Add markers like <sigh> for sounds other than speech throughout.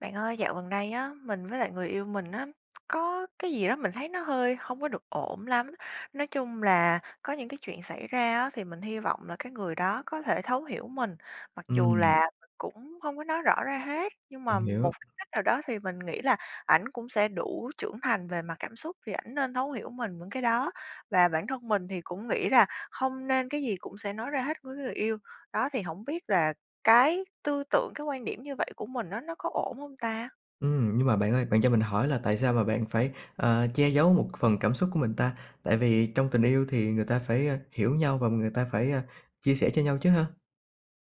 Bạn ơi, dạo gần đây á, mình với lại người yêu mình á, có cái gì đó mình thấy nó hơi hông có được ổn lắm. Nói chung là có những chuyện xảy ra á, thì mình hy vọng là cái người đó có thể thấu hiểu mình, mặc dù Ừm. là mình cũng hông có nói rõ ra hết, nhưng Mình mà một hiểu. cái cách nào đó thì mình nghĩ là ảnh cũng sẽ đủ trưởng thành về mặt cảm xúc thì ảnh nên thấu hiểu mình vững cái đó và bản thân mình thì cũng nghĩ rà hông nên cái gì cũng sẽ nói ra hết với người yêu. Đó thì hổng biết là cái tư tưởng, cái quan điểm như vậy của mình á nó có ổn hông ta? Ừm, nhưng mà bạn ơi, bạn cho mình hỏi là tại sao mà bạn phải, ờ, che dấu một phần cảm xúc của mình ta? Tại vì trong tình yêu thì người ta phải, ơ, hiểu nhau và người ta phải, ơ, chia sẻ cho nhau chứ ha?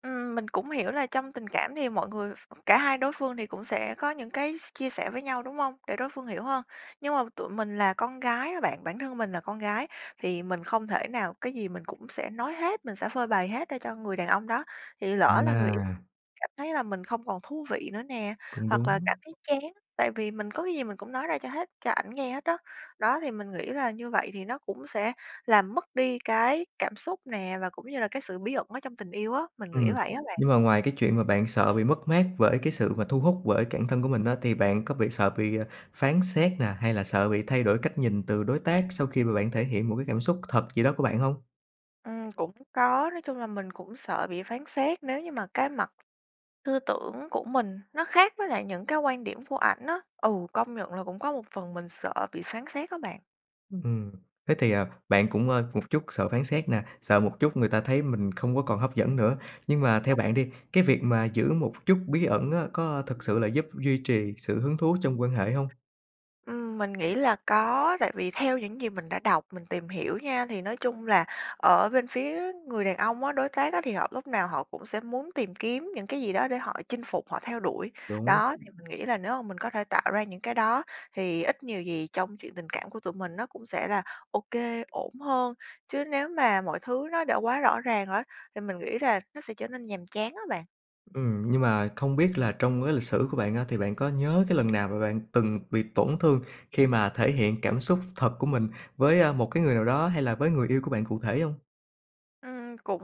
Ừm, mình cũng hiểu là trong tình cảm thì mọi người ph cả hai đối phương thì cũng sẽ có những cái s chia sẻ với nhau đúng hông? Để đối phương hiểu hơn. Nhưng mà tụi mình là con gái á bạn, bản thân mình là con gái, thì mình không thể nào cái gì mình cũng sẽ nói hết, mình sẽ phơi bày hết ra cho người đàn ông đó, thì lỡ là người yêu À! cảm thấy là mình không còn thú vị nữa nè Cũng hoặc là đúng. cảm thấy chán tại vì mình có cái gì mình cũng nói ra cho hết cho ảnh nghe hết đó. Đó thì mình nghĩ ra như vậy thì nó cũng sẽ làm mất đi cái cảm xúc nè và cũng như là cái sự bí ẩn ở trong tình yêu á. Mình nghĩ Ừm, vậy á bạn. nhưng mà ngoài cái chuyện mà bạn sợ bị mất mát bởi cái sự mà thu hút bởi cản thân của mình á, thì bạn có bị sợ bị phán xét nè hay là sợ bị thay đổi cách nhìn từ đối tác sau khi mà bạn thể hiện một cảm xúc thật gì đó của bạn hông? Ừm, cũng có, nói chung là mình cũng sợ bị phán xét nếu như mà cái mặt hư tưởng của mình nó khác với lại những cái quan điểm của ảnh á. Ừ, công nhận là cũng có một phần sợ bị phán xét á bạn. Ừm, thế thì, à, bạn cũng, ơ, một chút sợ phán xét nè, sợ một chút người ta thấy mình không có còn hấp dẫn nữa. Nhưng Ưm, mà theo đúng. bạn đi, cái việc mà giữ một chút bí ẩn á có thực sự là giúp duy trì sự hứng thú trong quan hệ hông? Ừm, mình nghĩ là có, tại vì theo những gì mình đã đọc, mình tìm hiểu nha, thì nói chung là ở bên phía người đàn ông á, đối tác á, thì họ lúc nào họ cũng sẽ muốn tìm kiếm những cái gì đó để họ chinh phục, họ theo đuổi. Đúng. Đó, thì mình nghĩ là nếu mà mình có thể tạo ra những cái đó, thì ít nhiều gì trong chuyện tình cảm của tụi mình nó cũng sẽ là OK, ổn hơn, chứ nếu mà mọi thứ nó đã quá rõ ràng á thì mình nghĩ là nó sẽ trở nên nhàm chán á bạn. Ừm, nhưng mà không biết là trong cái lịch sử của bạn á, thì bạn có nhớ cái lần nào mà bạn từng bị tổn thương khi mà thể hiện cảm xúc thật của mình với, a, một cái người nào đó hay là với người yêu của bạn cụ thể hông? Ừm, cũng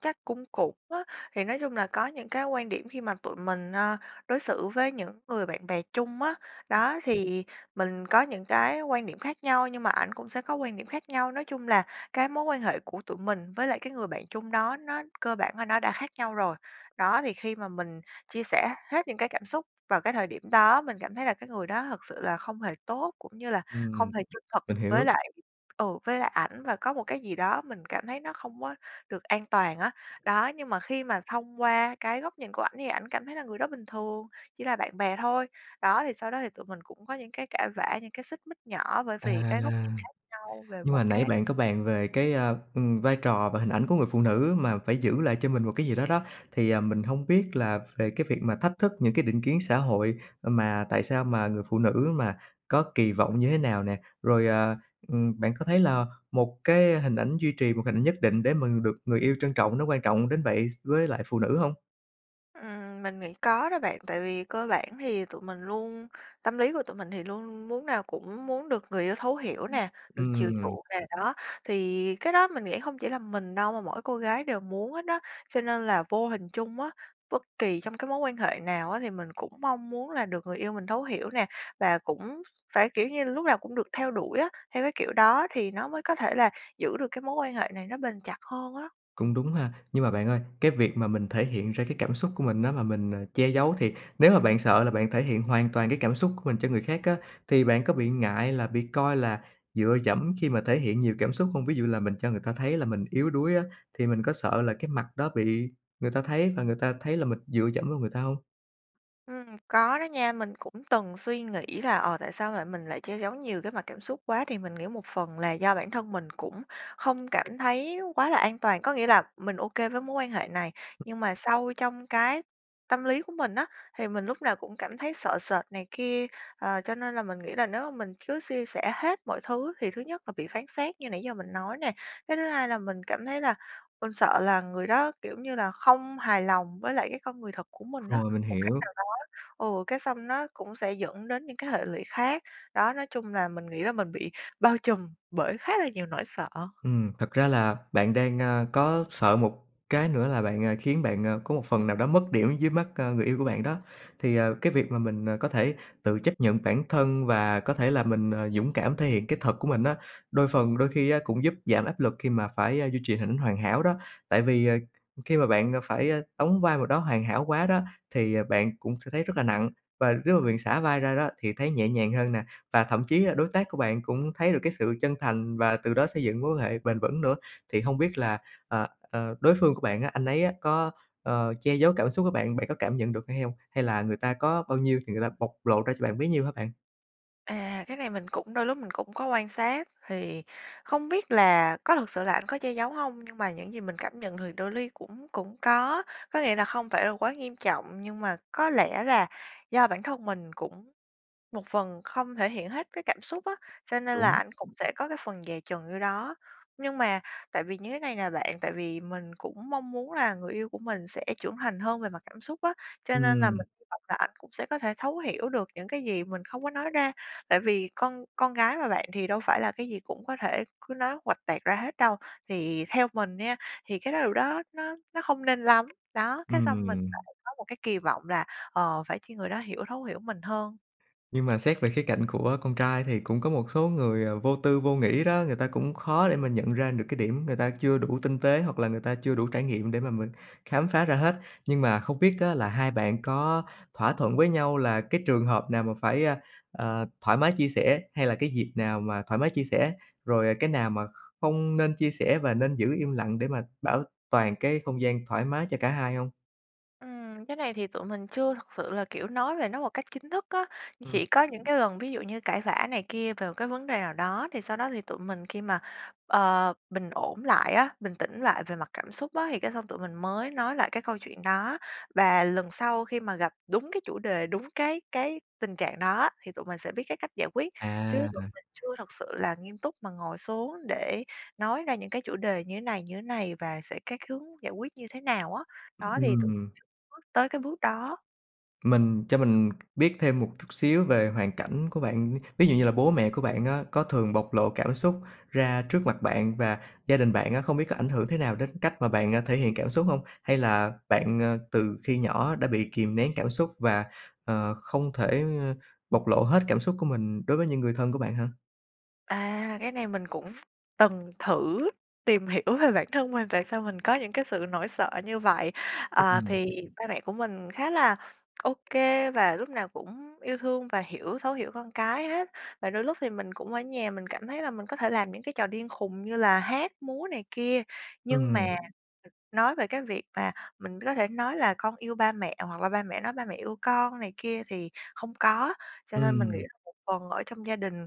chắc cũng cũng á. Thì nói chung là có những cái quan điểm khi mà tụi mình, a, đối xử với những người bạn bè chung á, đó thì mình có những cái quan điểm khác nhau nhưng mà ảnh cũng sẽ có quan điểm khác nhau. Nói chung là cái mối quan hệ của tụi mình với lại cái người bạn chung đó nó cơ bản là nó đã khác nhau rồi. Đó, thì khi mà mình chia sẻ hết những cái cảm xúc vào cái thời điểm đó, mình cảm thấy là cái người đó thực sự là không hề tốt cũng như là Ừm. không hề chân thực Mình với hiểu. lại ừ, với lại ảnh và có một cái gì đó mình cảm thấy nó không có được an toàn á. Đó, nhưng mà khi mà thông qua cái góc nhìn của ảnh thì ảnh cảm thấy là người đó bình thường, chỉ là bạn bè thôi. Đó, thì sau đó thì tụi mình cũng có những cái cãi vã, những cái xích mích nhỏ bởi À, vì cái góc nhìn khác nhau về nhưng một mà nãy cái bạn có bàn về cái, a, ừm, vai trò và hình ảnh của người phụ nữ mà phải giữ lại cho mình một cái gì đó đó, thì, à, mình hông biết là về cái việc mà thách thức những cái định kiến xã hội, mà tại sao mà người phụ nữ mà có kỳ vọng như thế nào nè? Rồi, à, ừm, bạn có thấy là 1 cái hình ảnh duy trì 1 hình ảnh nhất định để mà được người yêu trân trọng nó quan trọng đến vậy x với lại phụ nữ hông? Ừm, mình nghĩ có đó bạn. Tại vì cơ bản thì tụi mình luôn tâm lý của tụi mình thì luôn luôn muốn nào cũng muốn được người yêu thấu hiểu nè, được chiều Ừm. chuộng nè, đó. Thì cái đó mình nghĩ hông chỉ là mình đâu mà mỗi cô gái đều muốn hết đó. Cho nên là vô hình chung á, bất kỳ trong cái mối quan hệ nào á thì mình cũng mong muốn là được người yêu mình thấu hiểu nè và cũng phải, kiểu như, lúc nào cũng được theo đuổi á. Theo cái kiểu đó thì nó mới có thể là giữ được cái mối quan hệ này nó bền chặt hơn á. Cũng đúng ha! Nhưng mà bạn ơi, cái việc mà mình thể hiện ra cái cảm xúc của mình á, mà mình che giấu thì nếu mà bạn sợ là bạn thể hiện hoàn toàn cái cảm xúc của mình cho người khác á thì bạn có bị ngại là bị coi là dựa dẫm khi mà thể hiện nhiều cảm xúc hông? Ví dụ là mình cho người ta thấy là mình yếu đuối á, thì mình có sợ là cái mặt đó bị người ta thấy và người ta thấy là mình dựa dẫm vào người ta hông? Ừm, có đó nha, mình cũng từng suy nghĩ là, ờ, tại sao lại mình lại che giấu nhiều cái mặt cảm xúc quá. Thì mình nghĩ một phần là do bản thân mình cũng không cảm thấy quá là an toàn. Có nghĩa là mình OK với mối quan hệ này, Ừm. nhưng mà sâu trong cái tâm lý của mình á thì mình lúc nào cũng cảm thấy sợ sệt này kia, ờ, cho nên là mình nghĩ là nếu mà mình cứ chia sẻ hết mọi thứ thì thứ nhất là bị phán xét như nãy giờ mình nói nè. Cái thứ hai là mình cảm thấy là mình sợ là người đó, kiểu như là, không hài lòng với lại cái con người thật của mình á, Rồi, mình một cách hiểu. nào đó. Ừ, cái xong nó cũng sẽ dẫn đến những cái hệ lụy khác. Đó, nói chung là mình nghĩ là mình bị bao trùm bởi khá là nhiều nỗi sợ. Ừm, thật ra là bạn đang, ơ, có sợ một cái nữa là bạn, ờ, khiến bạn, ờ, có một phần nào đó mất điểm dưới mắt, ờ, người yêu của bạn đó. Thì, ờ, cái việc mà mình, ờ, có thể tự chấp nhận bản thân và có thể là mình, ờ, dũng cảm thể hiện cái thật của mình á, đôi phần đôi khi á cũng giúp giảm áp lực khi mà phải duy trì hỉnh hoàn hảo đó, tại vì, ờ, khi mà bạn phải đóng vai m đó hoàn hảo quá đó, thì, ờ, bạn cũng sẽ thấy rất là nặng và lúc mà mình xả vai ra đó thì thấy nhẹ nhàng hơn nè. Và thậm chí á đối tác của bạn cũng thấy được cái sự chân thành và từ đó xây dựng mối quan hệ bền vững nữa. Thì không biết là, ờ, ờ, đối phương của bạn á, anh ấy á có, ờ, che giấu cảm xúc với bạn, bạn có cảm nhận được hay hông? Hay là người ta có bao nhiêu thì người ta bộc lộ ra cho bạn bấy nhiêu hả bạn? À, cái này mình cũng đôi lúc mình cũng có quan sát thì không biết là có thật sự là anh có che giấu hông, nhưng mà những gì mình cảm nhận được đôi li cũng cũng có. Có nghĩa là không phải là quá nghiêm trọng, nhưng mà có lẽ là do bản thân mình cũng một phần không thể hiện hết cái cảm xúc á, cho nên là Đúng. ảnh cũng sẽ có cái phần dè chừng vô đó. Nhưng mà tại vì như thế này nè bạn, tại vì mình cũng mong muốn là người yêu của mình sẽ trưởng thành hơn về mặt cảm xúc á, cho nên là Ừm. mình hy vọng là ảnh cũng sẽ có thể thấu hiểu được những cái gì mình không có nói ra. Tại vì con con gái mà bạn, thì đâu phải là cái gì cũng có thể cứ nói huỵch toẹt ra hết đâu. Thì theo mình nha, thì cái điều đó nó nó không nên lắm. Đó, cái xong mình Ừm. lại có một cái kỳ vọng là, ờ, phải chi người đó hiểu thấu hiểu mình hơn. Nhưng mà xét về khía cạnh của con trai thì cũng có một số người, ờ, vô tư, vô nghĩ đó người ta cũng khó để mà nhận ra được cái điểm người ta chưa đủ tinh tế hoặc là người ta chưa đủ trải nghiệm để mà mình khám phá ra hết. Nhưng mà không biết á là hai bạn có thỏa thuận với nhau là cái trường hợp nào mà phải, ờ, thoải mái chia sẻ hay là cái dịp nào mà thoải mái chia sẻ, rồi, à, cái nào mà kh không nên chia sẻ và nên giữ im lặng để mà bảo toàn cái không gian thoải mái cho cả hai hông? Ừm, cái này thì tụi mình chưa thực sự là, kiểu, nói về nó một cách chính thức á. Chỉ Ừm. có những cái lần ví dụ như cãi vã này kia về một cái vấn đề nào đó thì sau đó thì tụi mình khi mà, ờ, bình ổn lại á, bình tĩnh lại về mặt cảm xúc á thì cái xong tụi mình mới nói lại cái câu chuyện đó, và lần sau khi mà gặp đúng cái chủ đề, đúng cái cái tình trạng đó á thì tụi mình sẽ biết cái cách giải quyết, chứ tụi À. mình chưa thật sự là nghiêm túc mà ngồi xuống để nói ra những cái chủ đề như thế này, như thế này và sẽ cái hướng giải quyết như thế nào á. Đó, thì tụi Ừm. chưa bước tới cái bước đó. Mình cho mình biết thêm một chút xíu về hoàn cảnh của bạn, ví dụ như là bố mẹ của bạn á có thường bộc lộ cảm xúc ra trước mặt bạn, và gia đình bạn á không biết có ảnh hưởng thế nào đến cách mà bạn thể hiện cảm xúc hông? Hay là bạn, à, từ khi nhỏ đã bị kìm nén cảm xúc và, ờ, không thể bộc lộ hết cảm xúc của mình đối với những người thân của bạn ha? À, cái này mình cũng từng thử tìm hiểu về bản thân mình tại sao mình có những cái sự nỗi sợ như vậy. Ờ, Ừm. thì ba mẹ của mình khá là ô kê và lúc nào cũng yêu thương và hiểu thấu hiểu con cái hết, và đôi lúc thì mình cũng ở nhà mình cảm thấy là mình có thể làm những cái trò điên khùng như là hát, múa này kia, nhưng mà, ừ, Ừm. nói về cái việc mà mình có thể nói là "Con yêu ba mẹ" hoặc là ba mẹ nói: "Ba mẹ yêu con" này kia thì không có. Cho nên mình nghĩ Ừm. là một phần ở trong gia đình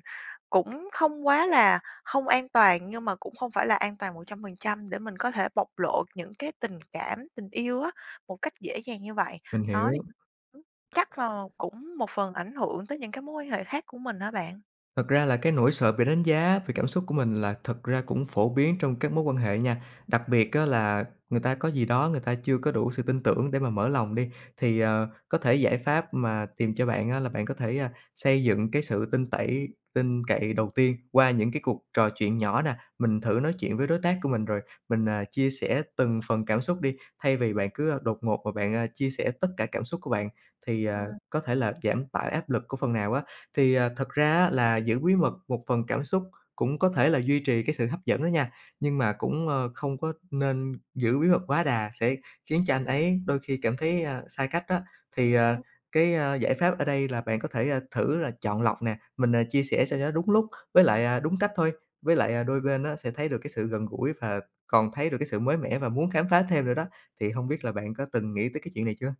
cũng không quá là không an toàn nhưng mà cũng không phải là an toàn 100% để mình có thể bộc lộ những cái tình cảm, tình yêu á một cách dễ dàng như vậy. Mình Đó, thì hiểu. <unintelligible> chắc là cũng một phần ảnh hưởng tới những mối quan hệ khác của mình á bạn. Thật ra là cái nỗi sợ bị đánh giá vì cảm xúc của mình là thật ra cũng phổ biến trong các mối quan hệ nha, đặc biệt á là người ta có gì đó người ta chưa có đủ sự tin tưởng để mà mở lòng đi. Thì, ờ, có thể giải pháp mà tìm cho bạn á là bạn có thể, ơ, xây dựng cái sự tin tẩy tin cậy đầu tiên qua những cái cuộc trò chuyện nhỏ nè. Mình thử nói chuyện với đối tác của mình, rồi mình, ờ, chia sẻ từng phần cảm xúc đi thay vì bạn cứ đột ngột và bạn, à, chia sẻ tất cả cảm xúc của bạn, thì, ờ, Ừm. có thể là giảm tải áp lực của phần nào á. Thì, ờ, thật ra á là giữ bí mật một phần cảm xúc cũng có thể là duy trì cái sự hấp dẫn đó nha, nhưng mà cũng, a, không có nên giữ bí mật quá đà sẽ khiến cho anh ấy đôi khi cảm thấy, ơ, xa cách đó. Thì, ờ, <unintelligible> cái, a, giải pháp ở đây là bạn có thể thử là chọn lọc nè, mình, à, chia sẻ sao cho nó đúng lúc với lại, à, đúng cách thôi, với lại, à, đôi bên á sẽ thấy được cái sự gần gũi và còn thấy được cái sự mới mẻ và muốn khám phá thêm nữa đó. Thì hông biết là bạn có từng nghĩ tới cái chuyện này chưa?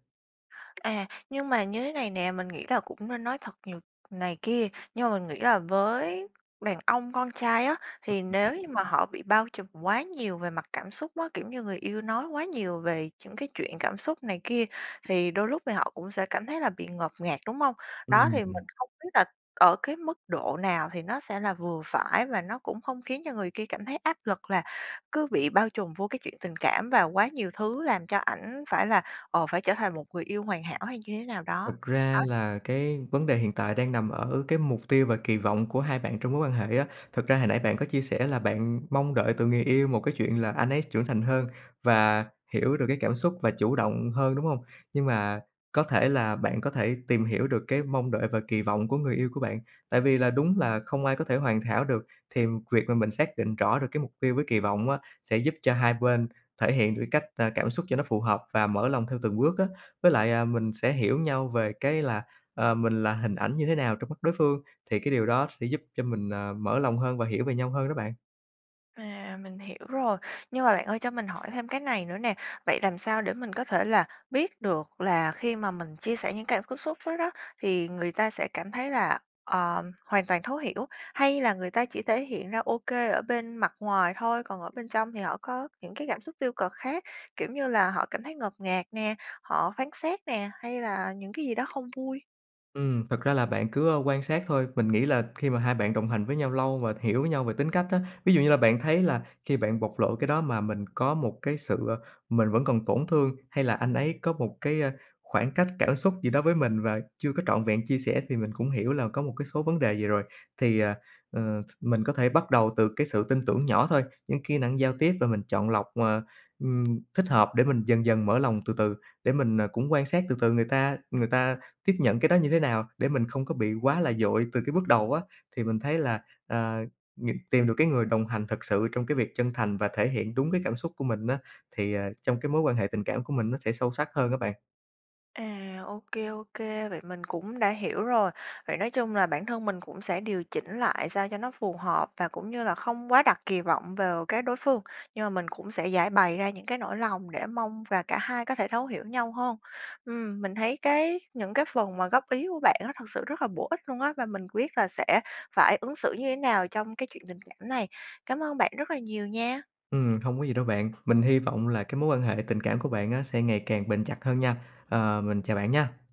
À. Nhưng mà như thế này nè, mình nghĩ là cũng nên nói thật nhiều này kia, nhưng mà mình nghĩ là với đàn ông con trai á, thì <unintelligible> nếu như mà họ bị bao trùm quá nhiều về mặt cảm xúc á, kiểu như người yêu nói quá nhiều về chững cái chuyện cảm xúc này kia, thì đôi lúc thì họ cũng sẽ cảm thấy là bị ngột ngạt, đúng hông? Đó, thì mình Ừm. không biết là ở cái mức độ nào thì nó sẽ là vừa phải và nó cũng không khiến cho người kia cảm thấy áp lực là cứ bị bao trùm vô cái chuyện tình cảm vào quá nhiều thứ làm cho ảnh phải là, ồ, phải trở thành một người yêu hoàn hảo hay như thế nào đó. Thật ra Đó. là cái vấn đề hiện tại đang nằm ở cái mục tiêu và kỳ vọng của hai bạn trong mối quan hệ á. Thực ra hồi nãy bạn có chia sẻ là bạn mong đợi từ người yêu một cái chuyện là anh ấy trưởng thành hơn và hiểu được cái cảm xúc và chủ động hơn, đúng hông? Nhưng mà có thể là bạn có thể tìm hiểu được cái mong đợi và kỳ vọng của người yêu của bạn. Tại vì là đúng là không ai có thể hoàn hảo được, thì việc mà mình xác định rõ được cái mục tiêu với kỳ vọng á sẽ giúp cho hai bên thể hiện được cái cách, a, cảm xúc cho nó phù hợp và mở lòng theo từng bước á, với lại, à, mình sẽ hiểu nhau về cái là, ờ, mình là hình ảnh như thế nào trong mắt đối phương thì cái điều đó sẽ giúp cho mình, ờ, mở lòng hơn và hiểu về nhau hơn đó bạn. À, mình hiểu rồi, nhưng mà bạn ơi, cho mình hỏi thêm cái này nữa nè, vậy làm sao để mình có thể là biết được là khi mà mình chia sẻ những cảm cảm xúc đó đó thì người ta sẽ cảm thấy là, ờ, hoàn toàn thấu hiểu, hay là người ta chỉ thể hiện ra ô kê ở bên mặt ngoài thôi, còn ở bên trong thì họ có những cái cảm xúc tiêu cực khác, kiểu như là họ cảm thấy ngột ngạt nè, họ phán xét nè, hay là những cái gì đó không vui? Ừm. Thật ra là bạn cứ, ơ, quan sát thôi. Mình nghĩ là khi mà hai bạn đồng hành với nhau lâu và hiểu nhau về tính cách á, ví dụ như là bạn thấy là khi bạn bộc lộ cái đó mà mình có một cái sự mình vẫn còn tổn thương hay là anh ấy có một cái, a, khoảng cách cảm xúc gì đó với mình và chưa có trọn vẹn chia sẻ, thì mình cũng hiểu là có một cái số vấn đề gì rồi. Thì, à, ờ, th mình có thể bắt đầu từ cái sự tin tưởng nhỏ thôi, những kỹ năng giao tiếp và mình chọn lọc, ờ, ừm, thích hợp để mình dần dần mở lòng từ từ để mình, ờ, cũng quan sát từ từ người ta người ta tiếp nhận cái đó như thế nào để mình không có bị quá là vội từ cái bước đầu á. Thì mình thấy <unintelligible> là, ờ, những tìm được cái người đồng hành thật sự trong cái việc chân thành và thể hiện đúng cái cảm xúc của mình á thì, ờ, trong cái mối quan hệ tình cảm của mình nó sẽ sâu sắc hơn á bạn. À, ô kê, ô kê, vậy mình cũng đã hiểu rồi. Vậy nói chung là bản thân mình cũng sẽ điều chỉnh lại sao cho nó phù hợp và cũng như là không quá đặt kỳ vọng vào cái đối phương. Nhưng mà mình cũng sẽ giãi bày ra những cái nỗi lòng để mong và cả hai có thể thấu hiểu nhau hơn. Ừm. Mình thấy cái những cái phần mà góp ý của bạn á thực sự rất là bổ ích luôn á, và mình quyết là sẽ phải ứng xử như thế nào trong cái chuyện tình cảm này. Cảm ơn bạn rất là nhiều nha! Ừm, không có gì đâu bạn, mình hy vọng là cái mối quan hệ tình cảm của bạn á sẽ ngày càng bền chặt hơn nha. Ờ, mình chào bạn nha!